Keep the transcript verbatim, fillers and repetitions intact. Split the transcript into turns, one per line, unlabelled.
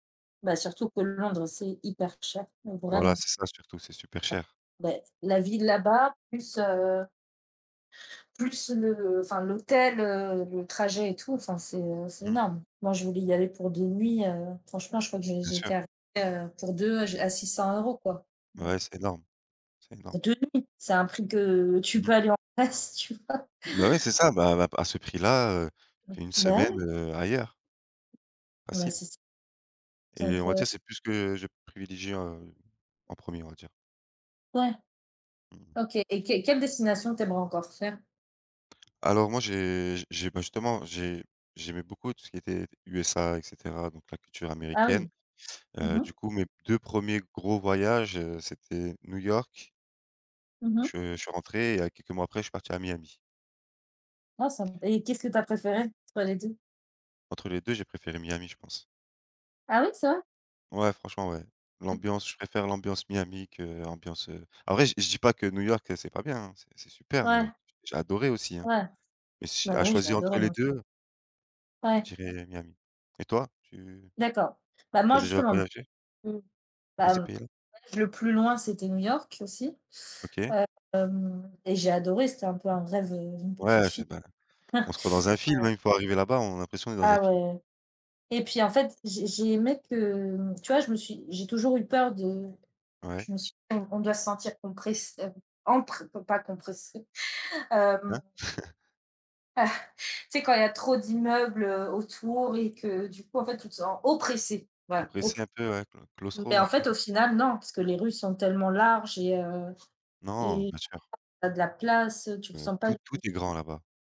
Bah surtout que Londres, c'est hyper cher, mais
Voilà,
vraiment.
c'est ça surtout, c'est super
Heu
cher.
beh, la ville là-bas, plus heu plus le enfin l'hôtel, heu, le trajet et tout enfin c'est, heu, c'est
Mmh mh.
énorme. Moi, je voulais y aller pour deux nuits, heu, franchement, je crois que j'ai
Bien sûr.
j'étais arrivé, heu, pour deux à j à six cent euros, quoi.
Ouais, c'est énorme. C'est énorme.
C'est deux nuits, c'est un prix que tu
Mmh mh.
peux aller en Grèce, tu vois?
Bah ouais c'est ça. Bah, à b à ce prix là, heu, tu te fais une
Bah
semaine,
ouais.
heu, ailleurs
Bah
facile.
c'est ç
Et
Donc
on va
heu
dire c'est plus ce que je privilégierais en premier on va dire.
Ouais,
Mmh mh.
OK et qu quelle destination tu aimerais encore faire?
Alors moi j'ai j'ai bah, justement j'ai j'aimais beaucoup tout ce qui était USA et cetera, donc la culture
Ah
américaine,
oui. Mmh
heu, du
mh.
coup mes deux premiers gros voyages, heu, c'était New York
Mmh mh.
je je suis rentré et à quelques mois après je suis parti à Miami.
Ah ça m et qu'est-ce que tu as préféré? Sur les deux?
Entre les deux, j'ai préféré Miami, je pense.
Ah oui, c'est vrai?
Ouais, franchement ouais. L'ambiance je préfère l'ambiance Miami que l'ambiance, heu après je je dis pas que New York, heu, c'est pas bien, hein. C'est c'est super New
Ouais.
York, j'ai adoré aussi, hein,
Ouais.
mais si à
Bah oui, j'ai
choisir
adoré
entre les
moi aussi.
deux
Ouais.
je dirais, Miami. Et toi? Tu
D'accord. Bah
tu as
moi
déjà
justement b
voyagé?
mmh
Dans
Bah, m
ces pays là?
le voyage le plus loin, c'était New York aussi,
OK.
hem, et j'ai adoré, c'était un peu un rêve, heu, d'une petite
Ouais,
fille.
c'est pas on se croit dans un film,
Ouais.
hein, une fois arrivé là-bas, on a l'impression on est dans un
Ah
film.
ouais, et puis en fait, j'ai j'ai aimé que, mmh tu vois? Je me suis j'ai toujours eu peur de
Ouais.
je me suis on doit se sentir compress heu empre com pas compressé, hem
Hein?
Tu sais quand il y a trop d'immeubles, heu, autour, et que du coup en fait, tu te sens, oppressé. Voilà op
Oppressé un peu ouais, clau claustro
mais
on va
en
dire.
fait au final, non, puisque les rues sont tellement larges et heu
Non.
et
Bien sûr.
tu as de la place, heu, tu te
Heu,
sens pas
tout tout
d
est grand là-bas.